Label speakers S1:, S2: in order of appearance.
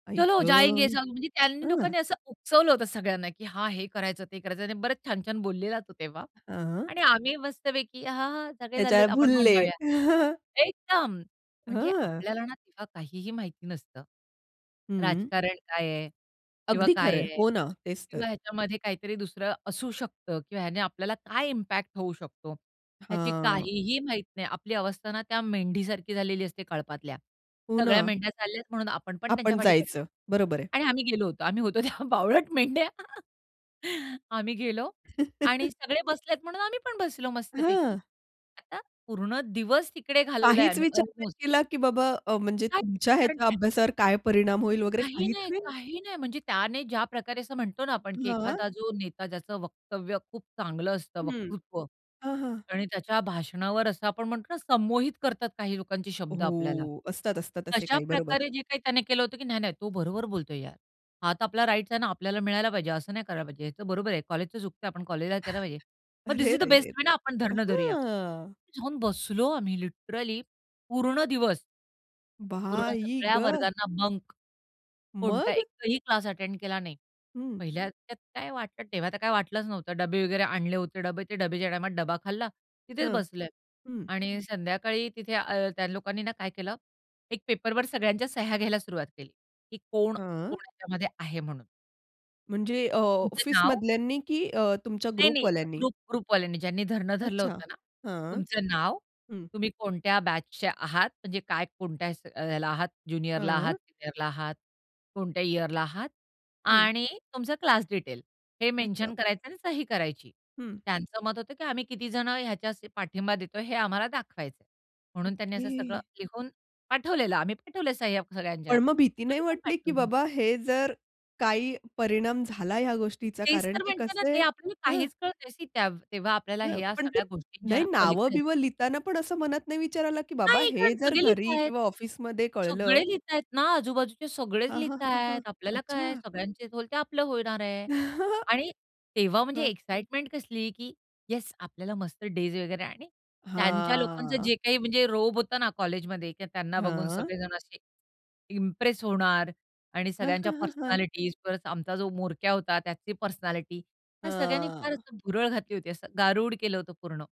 S1: आई ग!
S2: चलो जायेंगे सब म्हणजे त्यांनी
S1: अआ.
S2: लोकांनी असं उकसवलं होतं सगळ्यांना की हां, हे करायचं ते करायचं. आणि बरेच छान-छान बोललेला तो तेव्हा.
S1: अ.
S2: आणि आम्ही मस्तपैकी हां, हां. सगळे चाललेत
S1: त्याच्यावर
S2: आपण पण
S1: भुलले.
S2: जाऊया. एकदम म्हणजे
S1: हं.
S2: आपल्याला ना तेव्हा काहीही माहिती नसतं.
S1: हं.
S2: राजकारण काय आहे? किंवा
S1: अगदी
S2: काय
S1: खरंय.
S2: आहे?
S1: हो ना, तेच तर.
S2: किंवा ह्याच्यामध्ये काहीतरी दुसरं असू शकतं किंवा ह्याने आपल्याला काय इम्पॅक्ट होऊ शकतो?
S1: अ,
S2: ह्याची
S1: हां.
S2: काहीही माहीती नाही. आपली अवस्था ना त्या मेंढीसारखी झालेली असते कळपातल्या.
S1: हो
S2: सगळ्या
S1: ना.
S2: मेंढ्या चालल्यात म्हणून आपण पण त्यांच्या
S1: आपण
S2: पाठी-पाठी,
S1: जायचं. बरोबर आहे.
S2: आणि आम्ही गेलो होतो. आम्ही होतो तेव्हा बावळट मेंढ्या. आम्ही गेलो आणि सगळे बसलेत म्हणून आम्ही पण बसलो मस्तपैकी.
S1: हं.
S2: आता पूर्ण दिवस तिकडे घालवलाय
S1: काहीच
S2: आम्ही
S1: विचार नाही
S2: अल्मोस्ट.
S1: केला की बाबा अ, म्हणजे
S2: नाही.
S1: तुमच्या
S2: कारण
S1: ह्याच्या
S2: की
S1: अभ्यासावर काय परिणाम होईल वगैरे
S2: काही
S1: काहीच
S2: नाही,
S1: नाही?
S2: काही नाही. म्हणजे त्याने ज्या प्रकारे असं म्हणतो ना आपण
S1: हां.
S2: एखादा जो नेता ज्याचं वक्तव्य खूप चांगलं असतं
S1: हं,
S2: वक्तृत्व,
S1: हं, हं.
S2: आणि त्याच्या भाषणावर असं आपण म्हणतो ना संमोहित करतात काही लोकांचे शब्द आपल्याला.
S1: हो, असतात, असतात असे
S2: अशा
S1: काही बरोबर.
S2: प्रकारे जे काही त्याने केलं होतं की "नाही, नाही. तो बरोबर बोलतोय यार. हा तर आपला राइट्स आहे ना. आपल्याला मिळायला पाहिजे. असं नाही करायला पाहिजे. ह्याच बरोबर आहे. कॉलेजचं चुकतंय. आपण कॉलेजला केला पाहिजे." मग धीस
S1: अरे,
S2: इस द
S1: रे,
S2: बेस्ट
S1: रे,
S2: वे
S1: रे!
S2: ना आपण धरणं धरूया.
S1: अहां.
S2: जाऊन बसलो आम्ही लिटरली पूर्ण दिवस. पूर्ण
S1: बाई
S2: सगळ्या
S1: गं!
S2: वर्गांना बंक. कोणताही
S1: मग?
S2: एकही क्लास अटेंड केला नाही.
S1: हं.
S2: पहिल्या त्यात काय वाटलं, तेव्हा तर काय वाटलंच नव्हतं. डब्बे वगैरे आणले होते, डबे ते डबेच्या टायमात डबा खाल्ला. तिथेच
S1: हं,
S2: बसले
S1: हं.
S2: आणि संध्याकाळी तिथे अ, त्या लोकांनी ना काय केलं? एक पेपरवर सगळ्यांच्या सह्या घ्यायला सुरुवात केली की कोण, कोण
S1: हं.
S2: ह्याच्यामध्ये आहे म्हणून.
S1: म्हणजे अ,
S2: तुमचं नाव?
S1: ऑफिसमधल्यांनी की अ, तुमच्या
S2: नाही, नाही.
S1: ग्रुपवाल्यांनी?
S2: ग्रुप ग्रुपवाल्यांनी ज्यांनी धरणं धरलं
S1: अच्छा
S2: होतं ना.
S1: हां,
S2: तुमचं नाव?
S1: हं.
S2: तुम्ही कोणत्या बॅचचे आहात? म्हणजे काय कोणत्या अ, ह्याला आहात ज्युनियरला आहात,
S1: हं.
S2: सीनियरला आहात, कोणत्या इयरला आहात?
S1: हं.
S2: आणि तुमचं क्लास डिटेल हे
S1: अच्छा.
S2: मेन्शन करायचं आणि सही करायची.
S1: हं.
S2: त्यांचं मत होतं की आम्ही कितीजणं ह्याच्या पाठिंबा देतोय हे आम्हाला दाखवायचंय. म्हणून त्यांनी असं सगळं
S1: ओके.
S2: लिहून पाठवलेलं. आम्ही पाठवलंय सह्या सगळ्यांच्या.
S1: पण मग भीती नाही
S2: आम्ही पण
S1: वाटली की
S2: पाठवले.
S1: बाबा हे जर काही परिणाम झाला या गोष्टीचा
S2: तेच
S1: कारण
S2: तर
S1: की
S2: म्हणते ना,
S1: कसं
S2: ते आपल्याला
S1: आहे?
S2: काहीच कळत नाही सी त्या तेव्हा आपल्याला
S1: हं,
S2: ह्या
S1: पण ते
S2: सगळ्या गोष्टी ज्या
S1: नाही
S2: आहेत ना पलीकडे असतात.
S1: नाव-बिव लिहिताना पण असं मनात नाही विचार आला की बाबा
S2: नाही.
S1: हे
S2: कारण
S1: जर
S2: सगळेच लिहत
S1: घरी
S2: आहेत.
S1: किंवा ऑफिसमध्ये कळलं?
S2: सगळे लिहतायत ना आजूबाजूचे सगळेच
S1: हां, हां, हां, हां.
S2: लिहतायत. आपल्याला काय?
S1: अच्छा.
S2: सगळ्यांचे होईल ते आपलं होणार आहे. आणि तेव्हा म्हणजे
S1: हं.
S2: एक्साईटमेंट कसली की येस आपल्याला मस्त डेज वगैरे आणि त्यांच्या लोकांचं
S1: हां.
S2: जे काही म्हणजे रोब होता ना कॉलेजमध्ये किंवा त्यांना बघून
S1: हां.
S2: सगळेजण असे इम्प्रेस होणार आणि
S1: हं,
S2: सगळ्यांच्या
S1: हं, हं, हं.
S2: पर्सनॅलिटीज प्लस आमचा जो म्होरक्या होता त्याची पर्सनॅलिटी ह्या सगळ्यांनी फार
S1: हां.
S2: असं भुरळ घातली होती असं गारुड केलं होतं पूर्ण.